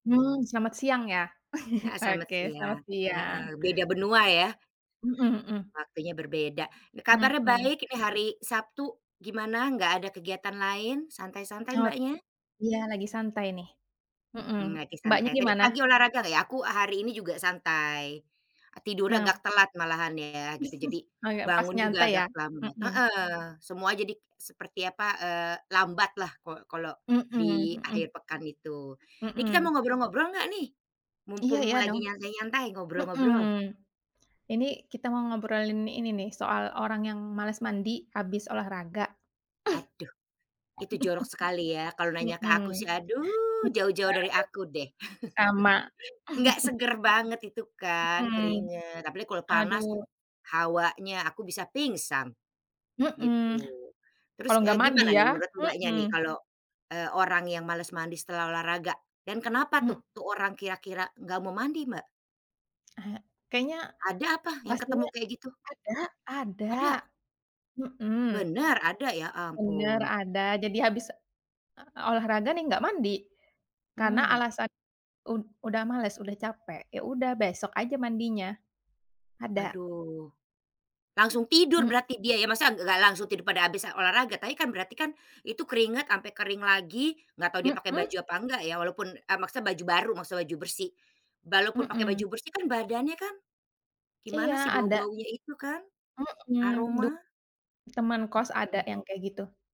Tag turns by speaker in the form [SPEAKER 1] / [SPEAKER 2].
[SPEAKER 1] Hmm, selamat siang ya,
[SPEAKER 2] Heeh, selamat
[SPEAKER 1] oke, selamat
[SPEAKER 2] siang.
[SPEAKER 1] siang.
[SPEAKER 2] Heeh, beda benua ya?
[SPEAKER 1] Mhm mhm.
[SPEAKER 2] Waktunya berbeda. Kabarnya
[SPEAKER 1] Mhm.
[SPEAKER 2] baik ini hari Sabtu, gimana? Nggak ada kegiatan lain? Santai-santai
[SPEAKER 1] Hok
[SPEAKER 2] Mbaknya?
[SPEAKER 1] iya, lagi santai nih. Hmm,
[SPEAKER 2] Mmm, lagi
[SPEAKER 1] Mbaknya
[SPEAKER 2] santai. Tadi
[SPEAKER 1] gimana?
[SPEAKER 2] pagi olahraga nggak ya? Aku hari ini juga santai. Tidurnya agak
[SPEAKER 1] Nap
[SPEAKER 2] telat malahan ya, gitu. Jadi,
[SPEAKER 1] Agak pas
[SPEAKER 2] bangun juga
[SPEAKER 1] nyantai
[SPEAKER 2] agak
[SPEAKER 1] ya?
[SPEAKER 2] terlambat.
[SPEAKER 1] Hmm.
[SPEAKER 2] Heeh, semua jadi seperti apa, eee, lambat lah kalau kalau
[SPEAKER 1] Hmm
[SPEAKER 2] di
[SPEAKER 1] hmm.
[SPEAKER 2] akhir pekan itu. Ini kita
[SPEAKER 1] Hmm.
[SPEAKER 2] mau ngobrol-ngobrol nggak nih?
[SPEAKER 1] Iya
[SPEAKER 2] Mumpung
[SPEAKER 1] iya,
[SPEAKER 2] lagi
[SPEAKER 1] dong.
[SPEAKER 2] nyantai-nyantai,
[SPEAKER 1] Hmm.
[SPEAKER 2] ngobrol-ngobrol?
[SPEAKER 1] Ini kita mau ngobrolin ini nih, soal orang yang malas mandi habis olahraga.
[SPEAKER 2] Aduh! Itu jorok sekali ya. Kalau nanya ke
[SPEAKER 1] Hmm.
[SPEAKER 2] aku sih aduh,
[SPEAKER 1] Iya,
[SPEAKER 2] jauh-jauh dari
[SPEAKER 1] aduh,
[SPEAKER 2] aku deh.
[SPEAKER 1] sama.
[SPEAKER 2] Nggak seger banget itu kan,
[SPEAKER 1] Hmm.
[SPEAKER 2] keringat, apalagi kalau panas,
[SPEAKER 1] Aduh.
[SPEAKER 2] hawanya, aku bisa pingsan, gitu.
[SPEAKER 1] Hmm. Kalau
[SPEAKER 2] Terus,
[SPEAKER 1] nggak
[SPEAKER 2] eee,
[SPEAKER 1] mandi
[SPEAKER 2] gimana
[SPEAKER 1] ya?
[SPEAKER 2] nih menurut Mbaknya nih,
[SPEAKER 1] Hmm.
[SPEAKER 2] kalau, eee, orang yang males mandi setelah olahraga? Dan kenapa
[SPEAKER 1] Mmm
[SPEAKER 2] tuh, tuh orang kira-kira nggak mau mandi, Mbak?
[SPEAKER 1] Ah, e kayaknya
[SPEAKER 2] Ada apa yang ketemu
[SPEAKER 1] pastinya
[SPEAKER 2] kayak gitu?
[SPEAKER 1] ada ada.
[SPEAKER 2] Ada?
[SPEAKER 1] Hmm.
[SPEAKER 2] Bener? Ada? Ya
[SPEAKER 1] Bener,
[SPEAKER 2] ampun.
[SPEAKER 1] ada. Jadi habis, eee, olahraga nih nggak mandi. Karena
[SPEAKER 2] Mmm.
[SPEAKER 1] alasan ud udah males, udah capek. Ya udah besok aja mandinya. Ada.
[SPEAKER 2] Aduh! Langsung tidur
[SPEAKER 1] Mmm
[SPEAKER 2] berarti dia ya? Masa ng nggak langsung tidur pada habis, eee, olahraga, tapi kan, berarti kan itu keringat sampai kering lagi, nggak tahu dia pakai
[SPEAKER 1] Hmm.
[SPEAKER 2] baju apa enggak ya, walaupun eee, maksudnya baju baru, maksudnya baju bersih. Walaupun pake
[SPEAKER 1] Hmm.
[SPEAKER 2] baju bersih kan badannya kan, gimana
[SPEAKER 1] Iya,
[SPEAKER 2] sih,
[SPEAKER 1] ada.
[SPEAKER 2] bau-baunya itu kan?
[SPEAKER 1] Hmm, du
[SPEAKER 2] Aroma.
[SPEAKER 1] teman kos ada
[SPEAKER 2] Mmm.
[SPEAKER 1] yang kayak gitu